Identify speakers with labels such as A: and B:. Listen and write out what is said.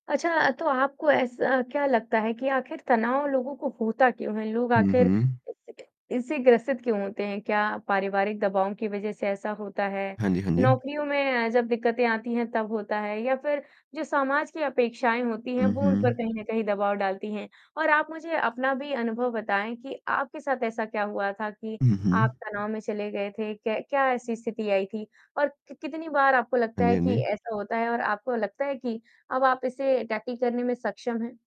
A: अच्छा अ, तो आपको ऐसा क्या लगता है कि आखिर तनाव लोगों को होता क्यों है? लोग
B: हुँ,
A: आखिर
B: हुँ।
A: 1 सेकंड इससे ग्रसित क्यों होते हैं, क्या पारिवारिक दबाव की वजह से ऐसा होता है,
B: हाँ जी, हाँ जी।
A: नौकरियों में अ, जब दिक्कतें आती हैं तब होता है या फिर जो समाज की अपेक्षाएँ होती हैं,
B: हुँ,
A: वो उन पर
B: हुँ।
A: कहीं न कहीं दबाव डालती हैं? और आप मुझे अपना भी अनुभव बताएँ कि आपके साथ ऐसा क्या हुआ था कि
B: हुँ,
A: आप
B: हुँ।
A: तनाव में चले गए थे, क क्या ऐसी स्थिति आई थी, और क कितनी बार आपको
B: हाँ
A: लगता
B: जी,
A: है
B: हाँ
A: कि
B: जी।
A: ऐसा होता है और आपको लगता है कि अब आप इसे टैकल करने में सक्षम हैं?